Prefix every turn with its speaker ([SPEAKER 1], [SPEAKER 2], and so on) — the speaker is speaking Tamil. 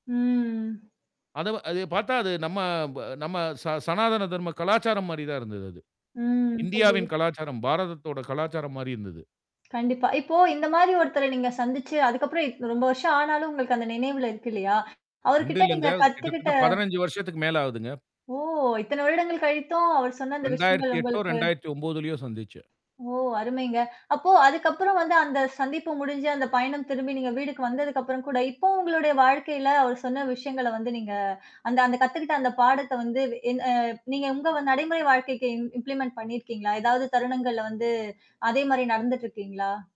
[SPEAKER 1] ம்.
[SPEAKER 2] அத அத பார்த்தா அது நம்ம ப நம்ம ச சனாதன தர்ம கலாச்சாரம் மாரி தான் இருந்தது.
[SPEAKER 1] ம்.
[SPEAKER 2] இந்தியாவின்
[SPEAKER 1] புரியிது.
[SPEAKER 2] கலாச்சாரம், பாரதத்தோட கலாச்சாரம் மாரி இருந்தது.
[SPEAKER 1] கண்டிப்பா. இப்போ இந்த மாரி ஒருத்தர நீங்க சந்திச்சு, அதுக்கு அப்புறம் இப் ரொம்ப வருஷம் ஆனாலும் உங்களுக்கு அந்த நினைவுல இருக்கு இல்லையா.
[SPEAKER 2] 2
[SPEAKER 1] அவர்கிட்ட நீங்க
[SPEAKER 2] இல்லங்க.
[SPEAKER 1] கத்துக்கிட்ட
[SPEAKER 2] கிட்டத்தட்ட 15 வருஷத்துக்கு மேல ஆகுதுங்க.
[SPEAKER 1] ஓ! இத்தனை வருடங்கள் கழித்தும் அவர் சொன்ன அந்த விஷயங்கள்
[SPEAKER 2] இரண்டாயிரத்து எட்டோ,
[SPEAKER 1] உங்களுக்கு
[SPEAKER 2] இரண்டாயிரத்து ஒன்பதுலேயோ சந்திச்சேன்.
[SPEAKER 1] ஓ! அருமைங்க. அப்போ அதுக்கு அப்புறம் வந்து அந்த சந்திப்பு முடிஞ்சு அந்த பயணம் திரும்பி நீங்க வீடுக்கு வந்ததுக்கு அப்புறம் கூட, இப்பவும் உங்களுடைய வாழ்க்கையில அவர் சொன்ன விஷயங்கள வந்து நீங்க அந்த அந்த கத்துக்கிட்ட அந்த பாடத்த வந்து என் நீங்க உங்க நடைமுறை வாழ்க்கைக்கு இம்ப்ளிமெண்ட் பண்ணிருக்கீங்களா? ஏதாவது தருணங்கள்ல வந்து அதே மாதிரி நடந்துட்டுருக்கீங்களா?